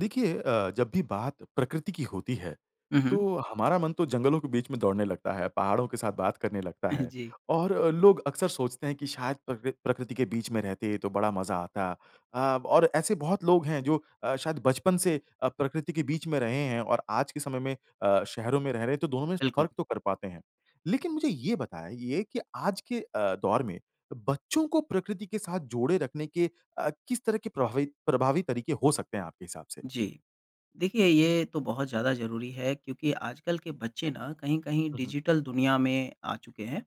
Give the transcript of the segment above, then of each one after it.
देखिए अ, जब भी बात प्रकृति की होती है, हुँ, हुँ। तो हमारा मन तो जंगलों के बीच में दौड़ने लगता है, पहाड़ों के साथ बात करने लगता है जी। और अ, लोग अक्सर सोचते हैं कि शायद प्रकृ प्रकृति के बीच में रहते तो बड़ा मज़ा आता। अ, और ऐसे बहुत लोग हैं जो अ, शायद बचपन से अ, प्रकृति के बीच में रहे हैं और आज के समय में अ, शहरों में रह रहे हैं, तो दोनों में स बिल्कुल। फ़र्क तो कर पाते हैं। लेकिन मुझे ये बताइए कि आज के अ, दौर में अ, बच्चों को प्रकृति के साथ जोड़े रखने के अ, किस तरह के प्रभावी प्रभावी तरीके हो सकते हैं आपके हिसाब से? जी। देखिए, ये तो बहुत ज़्यादा ज़रूरी है क्योंकि आजकल के बच्चे ना कहीं-कहीं हुँ, हुँ। डिजिटल दुनिया में आ चुके हैं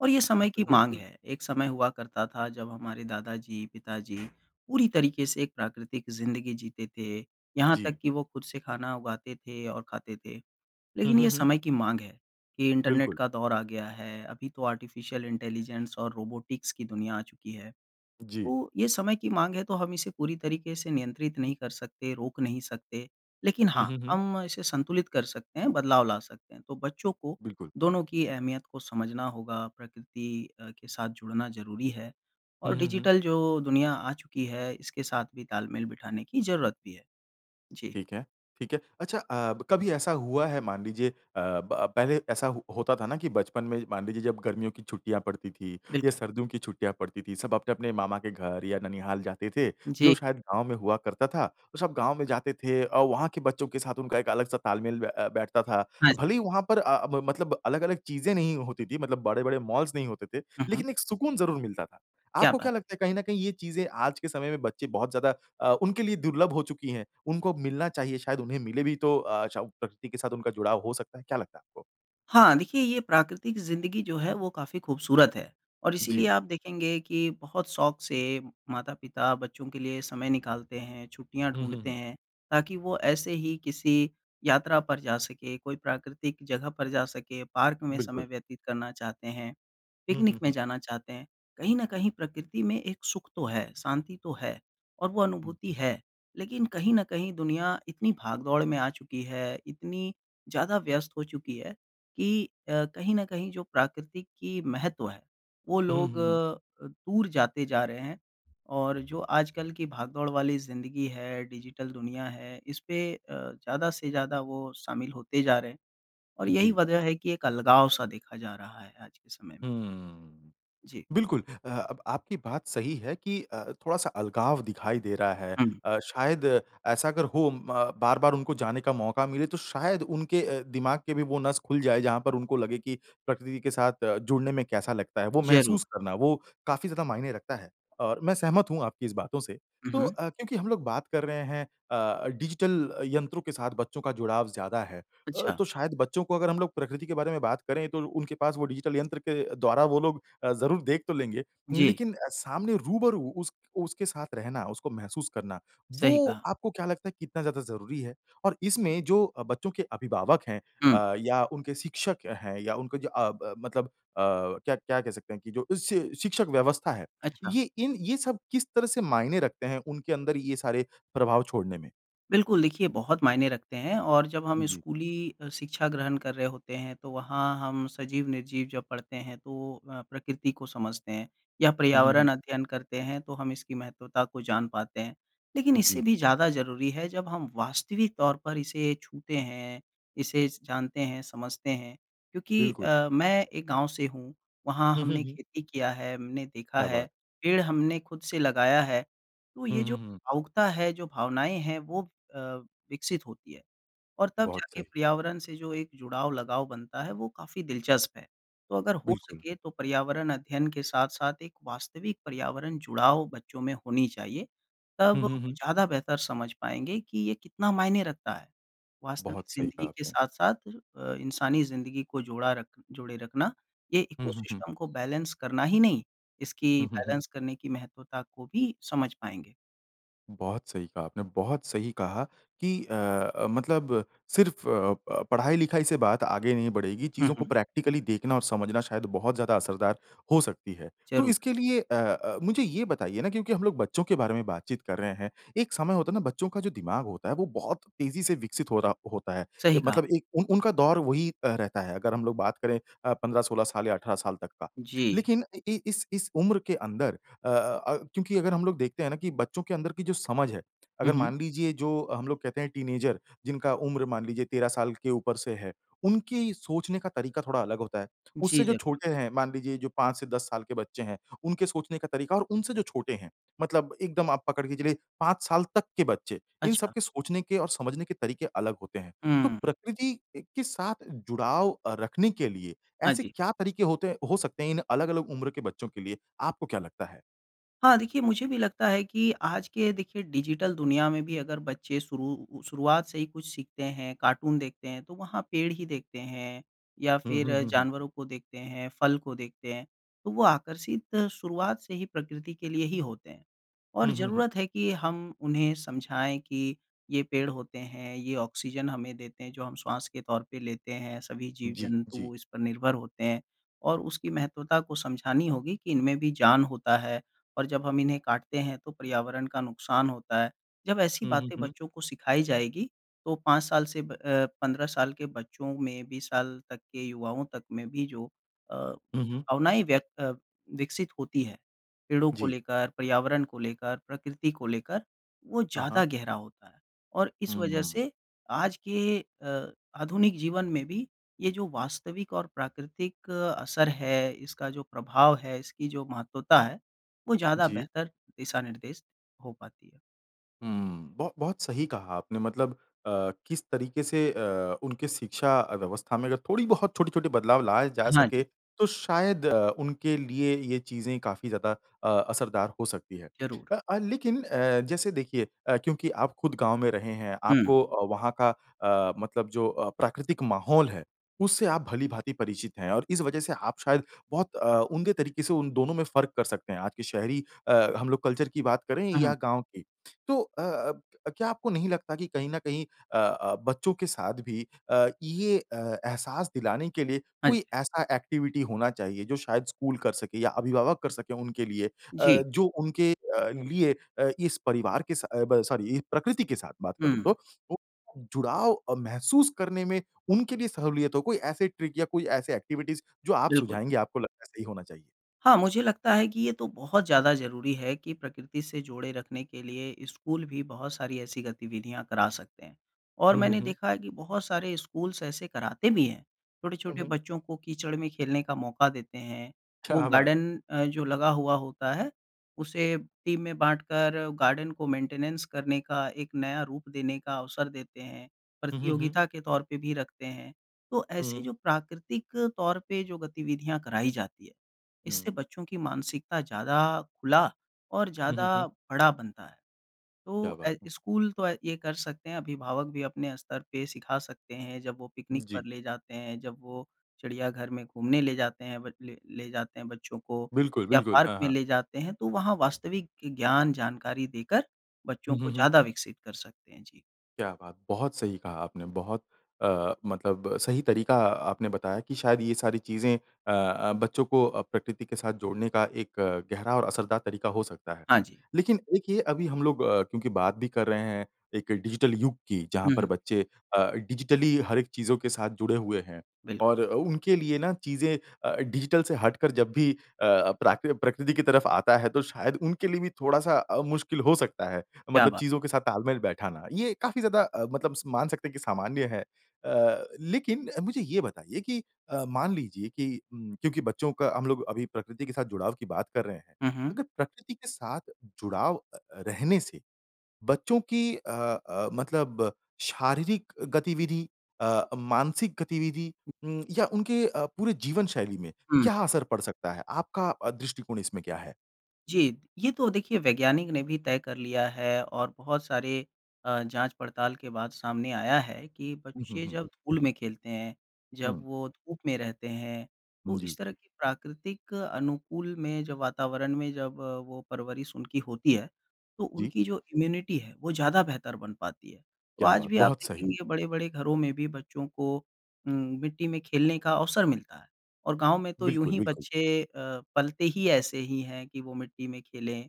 और ये समय की माँग बिल्कुल। है। एक समय हुआ करता था जब हमारे दादाजी, पिताजी पूरी तरीके से एक प्राकृतिक ज़िंदगी जीते थे, यहाँ जी। तक कि वो खुद से खाना उगाते थे और खाते थे। हुँ, लेकिन हुँ, ये हुँ। समय की माँग है, कि इंटरनेट बिल्कुल। का दौर अ गया है, अभी तो आर्टिफिशियल इंटेलिजेंस और रोबोटिक्स की दुनिया आ चुकी है। जी। तो ये समय की माँग है, तो हम इसे पूरी तरीके से नियंत्रित नहीं कर सकते, रोक नहीं सकते, लेकिन हुँ, हाँ, हुँ, हुँ। हम इसे संतुलित कर सकते हैं, बदलाव ला सकते हैं। तो बच्चों को बिल्कुल। दोनों की अहमियत को समझना होगा, प्रकृति अ, के साथ जुड़ना ज़रूरी है, हुँ, और हुँ, हुँ। डिजिटल जो दुनिया आ चुकी है, इसके साथ भी तालमेल बिठाने की ज़रूरत भी है। जी। ठीक है, ठीक है। अच्छा अ, ब कभी ऐसा हुआ है मान लीजिए अ, ब पहले ऐसा हो होता था ना कि बचपन में, मान लीजिए जब गर्मियों की छुट्टियाँ पड़ती थीं या बिल्कुल। सर्दियों की छुट्टियाँ पड़ती थीं, सब अपने-अपने मामा के घर या ननिहाल जाते थे, जो जी। शायद गाँव में हुआ करता था। तो सब गाँव में जाते थे और वहाँ के बच्चों के साथ उनका एक अलग-सा तालमेल ब अ, बैठता था। हाँ ज भले ही वहाँ पर अ, ब मतलब अलग-अलग चीज़ें नहीं होती थीं, मतलब बड़े-बड़े मॉल्स नहीं होते थे, हुँ, हुँ। लेकिन एक सुकून ज़रूर मिलता था। क्या आपको क्या बात है! लगता है कहीं न कहीं ये चीज़ें आज के समय में बच्चे बहुत ज़्यादा अ, उनके लिए दुर्लभ हो चुकी हैं? उनको मिलना चाहिए, शायद उन्हें मिले भी तो अ, चउ प्रकृति के साथ उनका जुड़ाव हो सकता है, क्या लगता है आपको? हाँ, देखिए, ये प्राकृतिक ज़िंदगी जो है वो काफ़ी खूबसूरत है, और इसीलिए जी। आप देखेंगे कि बहुत शौक़ से माता-पिता बच्चों के लिए समय निकालते हैं, छुट्टियाँ हुँ, हुँ, ढूँढते हुँ। हैं, ताकि वो ऐसे ही किसी यात्रा पर जा सके, कोई प्राकृतिक जगह पर जा सके, पार्क में समय बिल्कुल। व्यतीत करना चाहते हैं, हुँ, पिकनिक हुँ, में हुँ। जाना चाहते हैं। कहीं न कहीं प्रकृति में एक सुख तो है, शांति तो है, और वो हुँ, अनुभूति हुँ। है, लेकिन कहीं न कहीं दुनिया इतनी भाग दौड़ में आ चुकी है, इतनी ज़्यादा व्यस्त हो चुकी है कि अ, कहीं न कहीं जो प्राकृतिक की महत्व है, वो हुँ, हुँ, लोग हुँ, हुँ। अ, दूर जाते जा रहे हैं। और जो आजकल की भागदौड़ वाली ज़िंदगी है, डिजिटल दुनिया है, इस पे अ, ज़्यादा से ज़्यादा वो शामिल होते जा रहे हैं, और यही जी। वजह है कि अलगाव-सा देखा जा रहा है आज के समय में। हम्म। जी। बिल्कुल अ, अब आपकी बात सही है कि अ, थोड़ा-सा अलगाव दिखाई दे रहा है। हुँ। अ, शायद ऐसा अगर हो म बार-बार उनको जाने का मौका मिले, तो शायद उनके अ, दिमाग के भी वो नस खुल जाए जहाँ पर उनको लगे कि प्रकृति के साथ अ, जुड़ने में कैसा लगता है। वो ज़रूर। महसूस करना, वो काफ़ी ज़्यादा मायने रखता है, और मैं सहमत हूँ आपकी इस बातों से। हुँ, तो हुँ। अ, क्योंकि हम लोग बात कर रहे हैं अ अ, डिजिटल यंत्रों के साथ बच्चों का जुड़ाव ज़्यादा है। अ, अच्छा। तो शायद बच्चों को अगर हम लोग प्रकृति के बारे में बात करें, तो उनके पास वो डिजिटल यंत्र के द्वारा वो लोग अ, ज़रूर देख तो लेंगे जी। लेकिन अ, सामने रूबरू उस उसके साथ रहना, उसको महसूस करना, सही वो कहा। आपको क्या लगता है कितना ज़्यादा ज़रूरी है? और इसमें जो अ, बच्चों के अभिभावक हैं हुँ। अ, या उनके शिक्षक हैं या उनके जो अ, ब मतलब अ, क्या क्या कह सकते हैं कि जो इससे शिक्षक व्यवस्था है, अच्छा। ये इन ये सब किस तरह से मायने रखते हैं उनके अंदर ये सारे प्रभाव छोड़ने में? बिल्कुल, देखिए, बहुत मायने रखते हैं, और जब हम जी। स्कूली अ, शिक्षा ग्रहण कर रहे होते हैं, तो वहाँ हम सजीव-निर्जीव जब पढ़ते हैं, तो अ, प्रकृति को समझते हैं, या हुँ, हुँ, हुँ। पर्यावरण अध्ययन करते हैं तो हम इसकी महत्वता को जान पाते हैं। लेकिन इससे जी। भी ज़्यादा ज़रूरी है जब हम वास्तविक तौर पर इसे छूते हैं, इसे स जानते हैं, समझते हैं, क्योंकि बिल्कुल। अ, मैं एक गाँव से हूँ, वहाँ हुँ, हुँ, हमने हुँ। खेती किया है, हमने देखा क्या है, बात! पेड़ हमने खुद से लगाया है। तो ये हुँ, जो हुँ, हुँ। भावुकता है, जो भावनाएँ हैं, वो अ, विकसित होती हैं, और तब बहुत जाके सही। पर्यावरण से जो एक जुड़ाव, लगाव बनता है, वो काफ़ी दिलचस्प है। तो अगर हो बिल्कुल। सके तो पर्यावरण अध्ययन के साथ-साथ एक वास्तविक पर्यावरण-जुड़ाव बच्चों में होनी चाहिए, तब हुँ, वो हुँ, हुँ। ज़्यादा बेहतर समझ पाएँगे कि ये कितना मायने रखता है। वास्तविक बहुत सही ज़िंदगी कहा के आपने। साथ-साथ अ, इंसानी ज़िंदगी को जोड़ा रख जोड़े रखना, ये हुँ, हुँ, हुँ। इकोसिस्टम को बैलेंस करना ही नहीं, इसकी हुँ, हुँ, हुँ। बैलेंस करने की महत्वता को भी समझ पाएँगे। बहुत सही कहा आपने। बहुत सही कहा कि अ अ, मतलब सिर्फ़ अ अ, पढ़ाई-लिखाई से बात आगे नहीं बढ़ेगी, हुँ, चीज़ों को हुँ। प्रैक्टिकली देखना और समझना शायद बहुत ज़्यादा असरदार हो सकती है। तो ज़रूर। इसके लिए अ अ, मुझे ये बताइए ना, क्योंकि हम लोग बच्चों के बारे में बातचीत कर रहे हैं, एक समय होता ना बच्चों का जो दिमाग होता है, वो बहुत तेजी से विकसित हो रहा होता है ए सही कहा। मतलब एक उन उनका दौर वही अ, रहता है अगर हम लोग बात करें अ, 15-16 साल या 18 साल तक का। जी। लेकिन अ, इ इस इस उम्र के अंदर अ अ, क्योंकि अगर हम लोग देखते हैं ना कि बच्चों के अंदर कि जो समझ है, हुँ, अगर हुँ। मान लीजिए जो हम लोग कहते हैं टीनएजर, जिनका उम्र मान लीजिए 13 साल के ऊपर से है, उनकी सोचने का तरीका थोड़ा अलग होता है। उससे जी, जो ज़रूर। छोटे हैं, मान लीजिए जो 5 से 10 साल के बच्चे हैं, उनके सोचने का तरीका, और उनसे जो छोटे हैं, मतलब एकदम आप पकड़ के चलिए 5 साल तक के बच्चे, इन अच्छा। सबके सोचने के और समझने के तरीके अलग होते हैं। तो हुँ। प्रकृति ए के साथ जुड़ाव अ, रखने के लिए हाँ ऐसे जी। क्या तरीके होते हैं हो सकते हैं इन अलग-अलग उम्र के बच्चों के लिए, आपको क्या लगता है? हाँ, देखिए, मुझे भी लगता है कि आज के देखिए डिजिटल दुनिया में भी अगर बच्चे शुरू उ शुरुआत से ही कुछ सीखते हैं, कार्टून देखते हैं, तो वहाँ पेड़ ही देखते हैं, या हुँ, फिर हुँ, हुँ, हुँ। जानवरों को देखते हैं, फल को देखते हैं, तो वो आकर्षित शुरुआत से ही प्रकृति के लिए ही होते हैं। और हुँ, हुँ, हुँ। ज़रूरत है कि हम उन्हें समझाएँ कि ये पेड़ होते हैं, ये ऑक्सिजन हमें देते हैं जो हम श्वास के तौर पे लेते हैं, सभी जी, जी। जीव-जंतु इस पर निर्भर होते हैं, और उसकी महत्वता को समझानी होगी कि इन में भी जान होता है, और जब हम इन्हें काटते हैं तो पर्यावरण का नुकसान होता है। जब ऐसी हुँ, हुँ, बातें हुँ। बच्चों को सिखाई जाएगी, तो 5 साल से ब अ, 15 साल के बच्चों में भी साल तक के युवाओं तक में भी जो अ, हुँ, हुँ। भावनाएँ व्यक्त अ, विकसित होती हैं, पेड़ों को जी। लेकर, पर्यावरण को लेकर, प्रकृति को लेकर, वो हाँ, हाँ। ज़्यादा गहरा होता है। और इस हुँ, वजह हुँ। से आज के अ, आधुनिक जीवन में भी ये जो वास्तविक और प्राकृतिक असर है, इसका जो प्रभाव है, इसकी जो महत्वता है, वो ज़्यादा जी। बेहतर दिशानिर्देश हो पाती है। हुँ। बहु बहुत सही कहा आपने मतलब अ, किस तरीके से अ, उनके शिक्षा अ, व्यवस्था में अगर थोड़ी बहुत छोटी-छोटे बदलाव लाए जा हाँ सके, जी। तो शायद अ, उनके लिए ये चीज़ें काफ़ी ज़्यादा अ, असरदार हो सकती हैं। ज़रूर। अ अ, लेकिन अ, जैसे देखिए अ, क्योंकि आप खुद गाँव में रहे हैं, हुँ। आपको अ, वहाँ का अ, मतलब जो अ, प्राकृतिक माहौल है, उससे आप भली-भाँति परिचित हैं, और इस वजह से आप शायद बहुत अ, उम्दे तरीके से उन दोनों में फ़र्क कर सकते हैं, आज के शहरी अ, हम लोग कल्चर की बात करें हुँ, या हुँ। गाँव की। तो अ अब क्या आपको नहीं लगता कि कहीं न कहीं अ अ, बच्चों के साथ भी अ, ये अ, एहसास दिलाने के लिए हाँ कोई जी। ऐसा एक्टिविटी होना चाहिए, जो शायद स्कूल कर सके या अभिभावक कर सके उनके लिए अ, जी। जो उनके अ, लिए अ, इस परिवार के सा ब सॉरी ई प्रकृति के साथ बात करूँ हुँ। तो, वो जुड़ाव अ, महसूस करने में उनके लिए सहूलियत हो? कोई ऐसे ट्रिक या कोई ऐसे एक्टिविटीज़ जो आप बिल्कुल। सुझाएँगे, आपको लगता सही होना चाहिए? हाँ, मुझे लगता है कि ये तो बहुत ज़्यादा ज़रूरी है कि प्रकृति से जोड़े रखने के लिए स्कूल भी बहुत सारी ऐसी गतिविधियाँ करा सकते हैं, और हुँ, हुँ, मैंने हुँ। देखा है कि बहुत सारे स्कूल्स ऐसे कराते भी हैं। हुँ, हुँ। छोटे-बच्चों को कीचड़ में खेलने का मौका देते हैं, वो क्या बात! गार्डन अ, जो लगा हुआ होता है, उसे टीम में बाँटकर, गार्डन को मेंटेनेंस करने का, एक नया रूप देने का अवसर देते हैं, हुँ, हुँ, हुँ। प्रतियोगिता के तौर पे भी रखते हैं। तो ऐसे हुँ। जो प्राकृतिक तौर पे जो गतिविधियाँ कराई जाती हैं, इससे हुँ। बच्चों की मानसिकता ज़्यादा खुला और हुँ, हुँ, ज़्यादा हुँ। बड़ा बनता है। क्या तो ऐ बात है! स्कूल तो ऐ ये कर सकते हैं, अभिभावक भी अपने स्तर पे सिखा सकते हैं, जब वो पिकनिक जी। पर ले जाते हैं, जब वो चिड़ियाघर में घूमने ले जाते हैं बच ले ले जाते हैं बच्चों को, बिल्कुल, या बिल्कुल। पार्क हाँ, में हाँ। ले जाते हैं, तो वहाँ वास्तविक ज्ञान, जानकारी देकर बच्चों हुँ, को हुँ, हुँ। ज़्यादा विकसित कर सकते हैं। जी। क्या बात! बहुत सही कहा आपने। बहुत अ, मतलब सही तरीका आपने बताया कि शायद ये सारी चीज़ें अ अ, बच्चों को अ, प्रकृति के साथ जोड़ने का एक गहरा और असरदार तरीका हो सकता है। हाँ जी। लेकिन एक ये अभी हम लोग अ, क्योंकि बात भी कर रहे हैं, एक डिजिटल युग की जहाँ हुँ, पर हुँ। बच्चे अ, डिजिटली हर एक चीज़ों के साथ जुड़े हुए हैं बिल और अ, उनके लिए ना चीज़ें अ, डिजिटल से हटकर जब भी अ अ, प्राकृ प्रकृति की तरफ आता है, तो शायद उनके लिए भी थोड़ा-सा अ, मुश्किल हो सकता है, क्या मतलब बात! चीज़ों के साथ तालमेल बैठाना। ये काफ़ी ज़्यादा अ, मतलब स मान सकते हैं कि सामान्य है। अ, लेकिन अ, मुझे ये बताइए कि अ, मान लीजिए कि ऊँ, क्योंकि बच्चों का हम लोग अभी प्रकृति के साथ जुड़ाव की बात कर रहे हैं, हुँ, हुँ। अगर प्रकृति के साथ जुड़ाव अ, रहने से, बच्चों की अ अ, मतलब शारीरिक गतिविधि अ, मानसिक गतिविधि उम, या उनके अ, पूरे जीवनशैली में हुँ। क्या असर पड़ सकता है, आपका अ, दृष्टिकोण इसमें क्या है? जी। ये तो देखिए वैज्ञानिक ने भी तय कर लिया है, और बहुत सारे अ, जाँच-पड़ताल के बाद सामने आया है कि हुँ, हुँ, बच्चे हुँ। जब धूल में खेलते हैं, जब हुँ। वो धूप में रहते हैं, तो इस जी। तरह की प्राकृतिक अनुकूल में, जो वातावरण में जब वो परवरिश उनकी होती है, तो जी। उनकी जो इम्यूनिटी है, वो ज़्यादा बेहतर बन पाती है। तो क्या आज बात! भी आप बहुत सही। देखेंगे, बड़े-बड़े घरों में भी बच्चों को उम, मिट्टी में खेलने का अवसर मिलता है, और गाँव में तो यूँ बिल्कुल, ही बिल्कुल। बच्चे अ, पलते ही ऐसे ही है कि वो मिट्टी में खेलें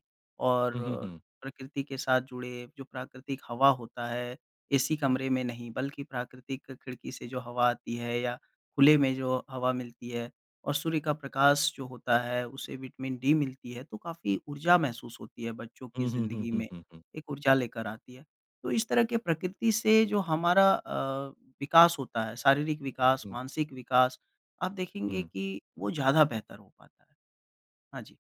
हुँ, हुँ, और हुँ। प्रकृति के साथ जुड़े। जो प्राकृतिक हवा होता है, एसी कमरे में नहीं, बल्कि प्राकृतिक खिड़की से जो हवा आती है या खुले में जो हवा मिलती है, और सूर्य का प्रकाश जो होता है, उसे विटामिन डी मिलती है, तो काफ़ी ऊर्जा महसूस होती है बच्चों की हुँ, हुँ, हुँ, ज़िंदगी हुँ, में, हुँ, हुँ। एक ऊर्जा लेकर आती है। तो इस तरह के प्रकृति से जो हमारा अ, विकास होता है, शारीरिक विकास, हुँ। मानसिक विकास, आप देखेंगे हुँ। कि वो ज़्यादा बेहतर हो पाता है। हाँ जी।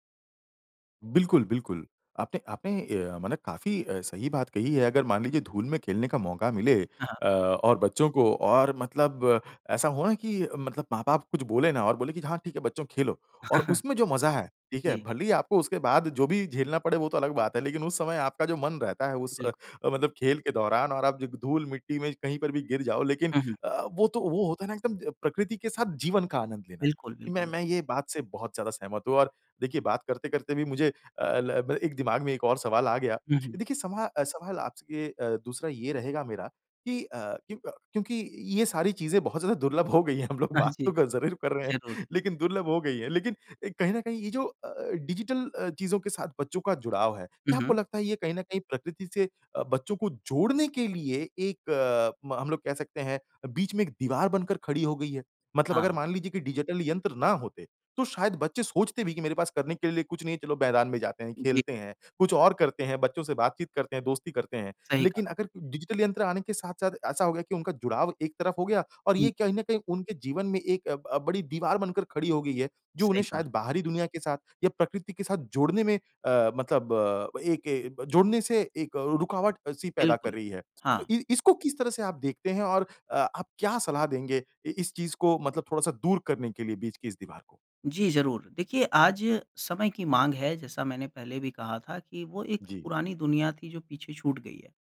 बिल्कुल, बिल्कुल। आपने आपने अ, माने काफ़ी अ, सही बात कही है। अगर मान लीजिए धूल में खेलने का मौका मिले हाँ, हाँ। अ, और बच्चों को और मतलब ऐसा हो ना कि मतलब माँ-बाप कुछ बोले ना, और बोले कि, "हाँ, ठीक है बच्चों, खेलो।" और उसमें जो मज़ा है, ठीक है, जी। भले ही आपको उसके बाद जो भी झेलना पड़े वो तो अलग बात है, लेकिन उस समय आपका जो मन रहता है उस बिल्कुल। अ, मतलब खेल के दौरान, और आप जो ग धूल-मिट्टी में कहीं पर भी गिर जाओ, लेकिन हुँ, हुँ। अ, वो तो वो होता है ना एकदम प्रकृति के साथ जीवन का आनंद लेना, बिल्कुल, कि मैं बिल्कुल। मैं ये बात से बहुत ज़्यादा सहमत हूँ, और देखिए बात करते-करते भी मुझे अ, ल ब एक दिमाग में एक और सवाल आ गया। हुँ, हुँ। देखिए सवा सवाल आपसे अ, दूसरा ये रहेगा मेरा कि अ, क्यों अ, क्योंकि ये सारी चीज़ें बहुत ज़्यादा दुर्लभ हो गई हैं, हम लोग अह, बात तो जी। ग ज़रूर कर रहे ज़रूर। हैं, लेकिन दुर्लभ हो गई हैं। लेकिन एक कहीं न कहीं ये जो अ अ, जो डिजिटल अ, चीज़ों के साथ बच्चों का जुड़ाव है, हुँ, क्या आपको हुँ। लगता है ये कहीं न कहीं प्रकृति से अ, बच्चों को जोड़ने के लिए एक म हम लोग कह सकते हैं, बीच में एक दीवार बनकर खड़ी हो गई है? मतलब अगर हाँ। मान लीजिए कि डिजिटल यंत्र ना होते, तो शायद बच्चे सोचते भी कि, "मेरे पास करने के लिए कुछ नहीं है, चलो मैदान में जाते हैं, जी। खेलते हैं, कुछ और करते हैं, बच्चों से बातचीत करते हैं, दोस्ती करते हैं।" सही कहा। लेकिन अगर डिजिटल यंत्र आने के साथ-साथ ऐसा हो गया कि उनका जुड़ाव एक तरफ हो गया, और हुँ। ये कहीं न कहीं उनके जीवन में एक अ, ब बड़ी दीवार बनकर खड़ी हो गई है, जो सही उन्हें कहा। शायद बाहरी दुनिया के साथ या प्रकृति के साथ जोड़ने में अ, मतलब एक ए जोड़ने से एक रुकावट-सी पैदा कर बिल्कुल। रही है। तो हाँ। इ इसको किस तरह से आप देखते हैं, और अ आप क्या सलाह देंगे इ इस चीज़ को मतलब थोड़ा-सा दूर करने के लिए, बीच की इस दीवार को? जी, ज़रूर। देखिए, आज समय की माँग है, जैसा मैंने पहले भी कहा था कि वो एक जी। पुरानी दुनिया थी जो पीछे छूट गई है।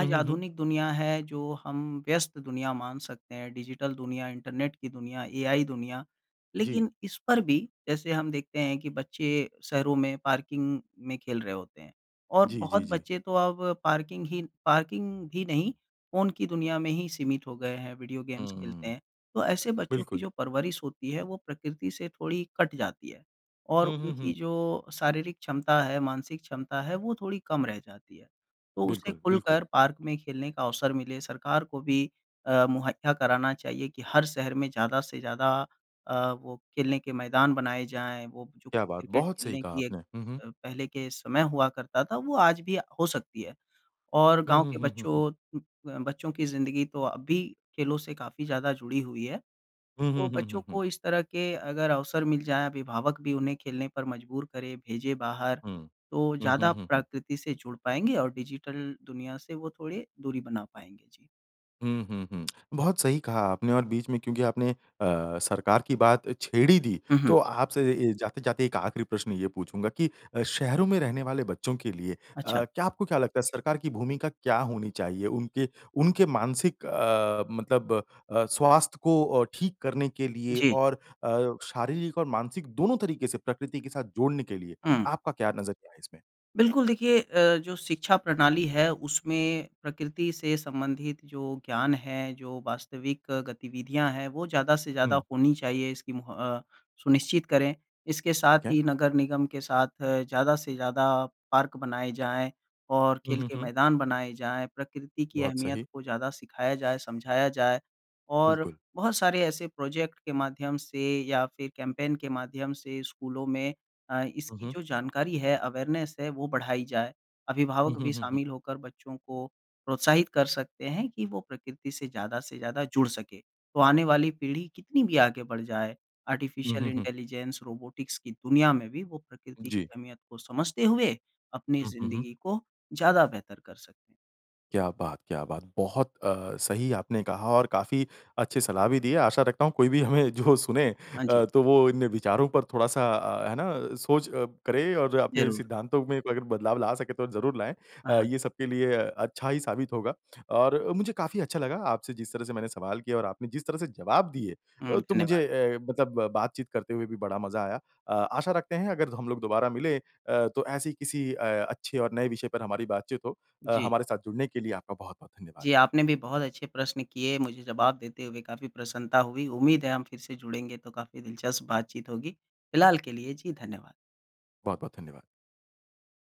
हुँ, हुँ, हुँ। आधुनिक दुनिया है जो हम व्यस्त दुनिया मान सकते हैं, डिजिटल दुनिया, इंटरनेट की दुनिया, एआइ दुनिया। जी। लेकिन इस पर भी, जैसे हम देखते हैं कि बच्चे शहरों में पार्किंग में खेल रहे होते हैं, और जी, जी, बहुत जी। बच्चे तो अब पार्किंग ही पार्किंग भी नहीं, फ़ोन की दुनिया में ही सीमित हो गए हैं, विडिओ गेम्स खेलते हुँ। हैं। तो ऐसे बच्चों की बिल्कुल। जो परवरिश होती है वो प्रकृति से थोड़ी कट जाती है, और हुँ, हुँ, उनकी हुँ। जो शारीरिक क्षमता है, मानसिक क्षमता है, वो थोड़ी कम रह जाती है। तो उसे बिल्कुल, बिल्कुल। खुलकर पार्क में खेलने का अवसर मिले, सरकार को भी अ, मुहैया कराना चाहिए कि हर शहर में ज़्यादा से ज़्यादा अ, वो खेलने के मैदान बनाए जाएँ, वो जो क्या बात! क्रिकेट बहुत सही खेलने कहा की एक आपने। हुँ, हुँ। अ, पहले के समय हुआ करता था, वो आज भी अ, हो सकती है। और हुँ, गाँव हुँ, के हुँ, हुँ। बच्चों अ, बच्चों की ज़िंदगी तो अब भी खेलों से काफ़ी ज़्यादा जुड़ी हुई है। हुँ, हुँ, तो हुँ, बच्चों हुँ, हुँ। को इस तरह के अगर अवसर मिल जाएँ, अभिभावक भी उन्हें खेलने पर मजबूर करें, भेजें बाहर, हुँ। तो हुँ, हुँ, ज़्यादा हुँ, हुँ। प्रकृति से जुड़ पाएँगे और डिजिटल दुनिया से वो थोड़े दूरी बना पाएँगे। जी। हुँ, हुँ, हुँ। बहुत सही कहा आपने, और बीच में क्योंकि आपने अ, सरकार की बात छेड़ ही दी, हुँ, तो हुँ। आपसे ए जाते-जाते एक आखिरी प्रश्न ये पूछूँगा कि अ, शहरों में रहने वाले बच्चों के लिए अ, अच्छा। क्या आपको क्या लगता है सरकार की भूमिका क्या होनी चाहिए? उनके, उनके मानसिक अ, मतलब अ, स्वास्थ्य को अ, ठीक करने के लिए जी। और अ, शारीरिक और मानसिक दोनों तरीके से प्रकृति के साथ जोड़ने के लिए, हुँ। आपका क्या नज़रिया है इसमें? बिल्कुल, देखिए अ, जो शिक्षा प्रणाली है, उसमें प्रकृति से संबंधित जो ज्ञान है, जो वास्तविक गतिविधियाँ हैं, वो ज़्यादा से ज़्यादा हुँ। होनी चाहिए, इसकी मुह अ, सुनिश्चित करें। इसके साथ ठीक है। ही, नगर निगम के साथ ज़्यादा से ज़्यादा पार्क बनाए जाएँ और हुँ, खेल हुँ, के हुँ। मैदान बनाए जाएँ, प्रकृति की बहुत अहमियत सही। को ज़्यादा सिखाया जाए, समझाया जाए, और बिल्कुल। बहुत सारे ऐसे प्रोजेक्ट के माध्यम से या फिर कैंपेन के माध्यम से स्कूलों में अ, हुँ, इसकी हुँ। जो जानकारी है, अवेयरनेस है, वो बढ़ाई जाए। हुँ, अभिभावक हुँ, भी हुँ, हुँ। शामिल होकर बच्चों को प्रोत्साहित कर सकते हैं कि वो प्रकृति से ज्यादा से ज्यादा जुड़ सकें। तो आने वाले पीढ़ी कितनी भी आगे बढ़ जाए, हुँ, आर्टिफिशियल हुँ, हुँ। इंटेलिजेंस, रोबोटिक्स की दुनिया में भी वो प्रकृति की जी। अहमियत को समझते हुए, अपनी हुँ, हुँ, हुँ। जिंदगी को ज्यादा बेहतर कर सकें। क्या बात, क्या बात! बहुत अ, सही आपने कहा और काफ़ी अच्छी सलाह भी दी है। आशा रखता हूँ, कोई भी हमें जो सुने हाँ जी। अ, तो वो इन विचारों पर थोड़ा-सा अ, है ना, सोच अ, करे और अपने ज़रूर। सिद्धांतों में अगर बदलाव ला सके तो ज़रूर लाएँ हाँ, अ, हाँ। ये सबके लिए अच्छा ही साबित होगा। और मुझे काफ़ी अच्छा लगा आपसे जिस तरह से मैंने सवाल किए और आपने जिस तरह से जवाब दिए हुँ, अ, तो धन्यवाद। मुझे ए मतलब बातचीत करते हुए भी बड़ा मज़ा आया। अ, आशा रखते हैं अगर हम लोग दोबारा मिलें अ, तो ऐसी किसी अ, अच्छे और नए विषय पर हमारी बातचीत हो। अ, जी। हमारे साथ जुड़ने के लिए आपका बहुत-बहुत धन्यवाद। जी, आपने भी बहुत अच्छे प्रश्न किए, मुझे जवाब देते हुए काफ़ी प्रसन्नता हुई। उम्मीद है हम फिर से जुड़ेंगे, तो काफ़ी दिलचस्प बातचीत होगी। फ़िलहाल के लिए, जी, धन्यवाद। बहुत-बहुत धन्यवाद।